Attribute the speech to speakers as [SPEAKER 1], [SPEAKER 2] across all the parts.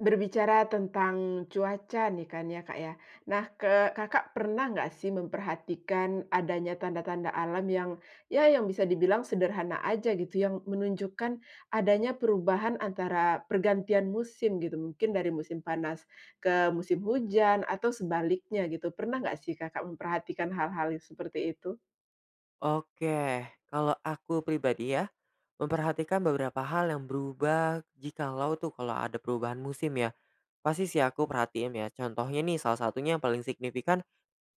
[SPEAKER 1] Berbicara tentang cuaca nih kan ya, Kak ya. Nah, ke Kakak pernah enggak sih memperhatikan adanya tanda-tanda alam yang, ya yang bisa dibilang sederhana aja gitu yang menunjukkan, adanya perubahan antara pergantian musim gitu. Mungkin dari musim panas ke musim hujan atau sebaliknya gitu, pernah enggak sih, Kakak memperhatikan hal-hal yang seperti itu?
[SPEAKER 2] Oke, kalau aku pribadi ya, memperhatikan beberapa hal yang berubah. Jikalau tuh kalau ada perubahan musim ya, pasti sih aku perhatiin ya. Contohnya nih, salah satunya yang paling signifikan,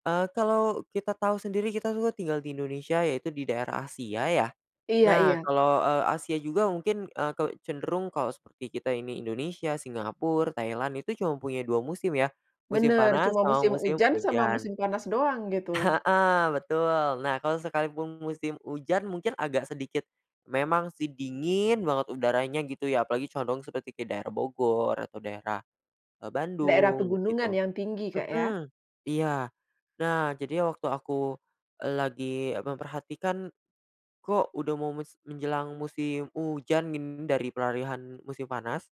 [SPEAKER 2] eee, kalau kita tahu sendiri kita tuh tinggal di Indonesia, yaitu di daerah Asia ya.
[SPEAKER 1] Iya
[SPEAKER 2] Nah,
[SPEAKER 1] iya.
[SPEAKER 2] kalau, eee, Asia juga mungkin, eee, ke cenderung, kalau seperti kita ini Indonesia, Singapura, Thailand, itu cuma punya 2 musim ya, musim
[SPEAKER 1] Benar,
[SPEAKER 2] panas
[SPEAKER 1] cuma
[SPEAKER 2] sama
[SPEAKER 1] musim
[SPEAKER 2] musim
[SPEAKER 1] hujan sama
[SPEAKER 2] hujan
[SPEAKER 1] musim panas doang gitu.
[SPEAKER 2] heeh, betul. Nah, kalau sekalipun musim hujan mungkin agak sedikit, memang sih dingin banget udaranya gitu ya, apalagi condong seperti kayak daerah Bogor atau daerah, eee,
[SPEAKER 1] Daerah
[SPEAKER 2] Bandung
[SPEAKER 1] pegunungan
[SPEAKER 2] begitu
[SPEAKER 1] yang tinggi, Kak ya.
[SPEAKER 2] mhm, iya. Nah, jadi waktu aku, e lagi memperhatikan, kok udah mau mes menjelang musim hujan in dari peralihan musim panas,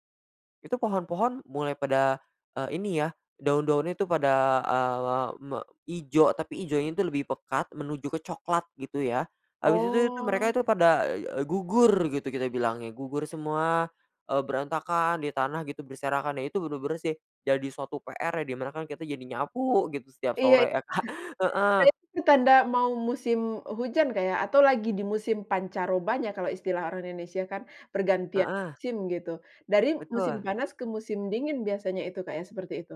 [SPEAKER 2] itu pohon-pohon mulai pada, eee, ini ya, daun-daun itu pada, eee, me ijo, tapi ijonya itu lebih pekat menuju ke coklat gitu ya. Habis itu tuh mereka
[SPEAKER 1] Oh.
[SPEAKER 2] itu pada, eee eee, gugur gitu, kita bilangnya gugur semua, eee, berantakan di tanah gitu, berserakan. Ya, itu benar-benar sih jadi suatu PR ya, di mana kan kita jadi nyapu gitu setiap
[SPEAKER 1] Iya, itu
[SPEAKER 2] sore ya, Kak. Heeh.
[SPEAKER 1] benar. Nah, itu tanda mau musim, hujan, Kak ya, atau lagi di musim pancarobanya kalau istilah orang Indonesia kan, pergantian
[SPEAKER 2] Heeh.
[SPEAKER 1] musim gitu, dari musim
[SPEAKER 2] Betul.
[SPEAKER 1] panas ke musim dingin biasanya itu, Kak ya seperti itu?